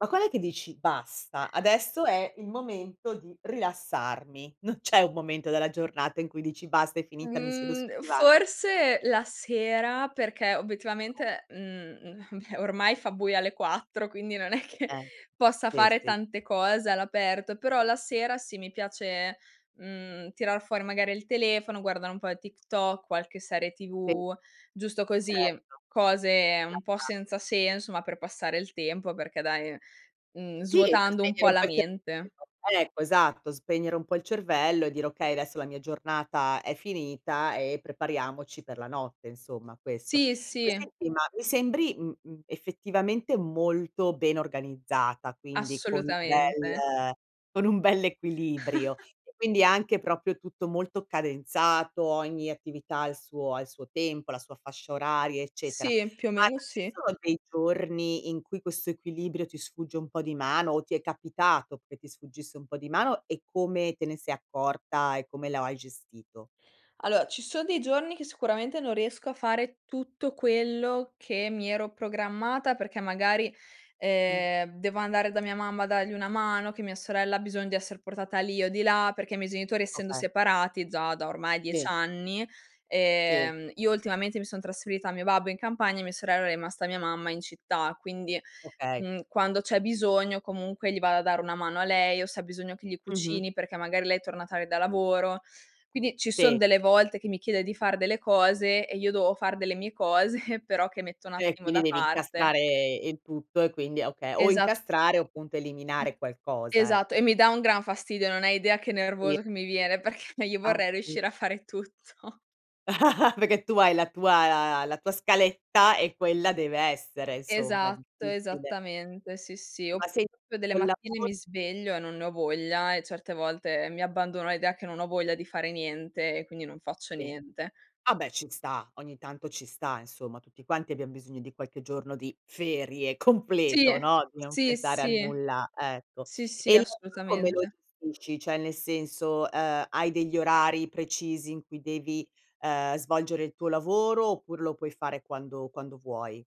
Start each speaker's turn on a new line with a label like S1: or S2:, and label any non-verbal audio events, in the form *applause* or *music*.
S1: Ma quand'è che dici: "Basta, adesso è il momento di rilassarmi." Non c'è un momento della giornata in cui dici: "Basta, è finita, mi siedo sul
S2: Mhmm,
S1: divano."
S2: forse la sera, perché
S1: No.
S2: obiettivamente mhmm, beh, ormai fa buio alle 4 quindi non è che
S1: Eh.
S2: possa
S1: Sì
S2: fare
S1: sì.
S2: tante cose all'aperto, però la sera sì, mi piace, mhmm, tirar fuori magari il telefono, guardare un po' TikTok, qualche serie
S1: Sì.
S2: TV, giusto così,
S1: Certo.
S2: cose
S1: La
S2: un po'
S1: fa.
S2: senza senso, ma per passare il tempo, perché dai mhmm,
S1: Sì, per
S2: svuotando un
S1: spegnere
S2: po'
S1: un
S2: la
S1: po' il
S2: mente.
S1: cervello Ecco, esatto. Spegnere un po' il cervello e dire: "Okay, adesso la mia giornata è finita e prepariamoci per la notte." Insomma questo.
S2: Sì,
S1: Poi
S2: sì.
S1: senti, ma mi sembri, mhmm, mhmm, effettivamente molto ben organizzata, quindi con un
S2: Assolutamente.
S1: bel con un bell' equilibrio
S2: *chuckles*
S1: e quindi anche proprio tutto molto cadenzato, ogni attività ha il suo ha il suo il tempo, la sua fascia oraria, eccetera.
S2: Sì, più o
S1: Ma
S2: meno
S1: ci
S2: sì.
S1: sono dei giorni, in cui questo equilibrio ti sfugge un po' di mano, o ti è capitato che ti sfuggisse un po' di mano? E come te ne se accorta e come la o hai gestito?
S2: Allora ci sono dei giorni che sicuramente non riesco a fare tutto quello che mi ero programmata, perché magari,
S1: Mh.
S2: ehm, devo andare da mia mamma a dargli una mano, che mia sorella ha bisogno di esser portata lì o di là, perché i miei genitori essendo
S1: Okay.
S2: separati già da ormai 10
S1: Sì.
S2: anni
S1: Sì.
S2: ehm, io ultimamente mi son trasferita al mio babbo in campagna, e mia sorella è rimasta mia mamma in città, quindi,
S1: Okay.
S2: mhmm, quando c'è bisogno comunque gli vado a dare una mano a lei, o se ha bisogno che gli
S1: Mh-mh.
S2: cucini perché magari lei è torna tardi da lavoro. Quindi ci son
S1: Sì.
S2: delle volte che mi chiede di far delle cose, e io devo far delle mie cose, però che metto un
S1: Cioè,
S2: attimo da
S1: quindi devi
S2: parte.
S1: incastrare il tutto e quindi okay, o
S2: Esat
S1: incastrare o appunto eliminare qualcosa,
S2: Esatto
S1: ecco.
S2: e mi dà un gran fastidio, non hai idea che
S1: Sì.
S2: nervoso che mi viene, perché io vorrei
S1: Appun
S2: riuscire a fare tutto.
S1: *chuckles* Perché tu hai la tua la tua scaletta e quella deve essere insomma,
S2: Esatto,
S1: difficile.
S2: esattamente, sì, sì.
S1: Ma
S2: Oppure
S1: sen
S2: proprio delle
S1: col
S2: mattine
S1: lavoro?
S2: mi sveglio e non ne ho voglia, e certe volte mi abbandono all'idea che non ho voglia di fare niente, e quindi non faccio
S1: Sì.
S2: niente.
S1: Vabbè ci sta, ogni tanto ci sta insomma. Tutti quanti abbiam bisogno di qualche giorno di ferie
S2: Sì.
S1: completo, no, di non
S2: Sì,
S1: pensare a
S2: sì.
S1: nulla, ecco.
S2: Sì, sì,
S1: E il resto come lo
S2: assolutamente.
S1: gestisci? Cioè nel senso, uhm, hai degli orari precisi in cui devi, ehm, svolgere il tuo lavoro oppure lo puoi fare quando quando vuoi?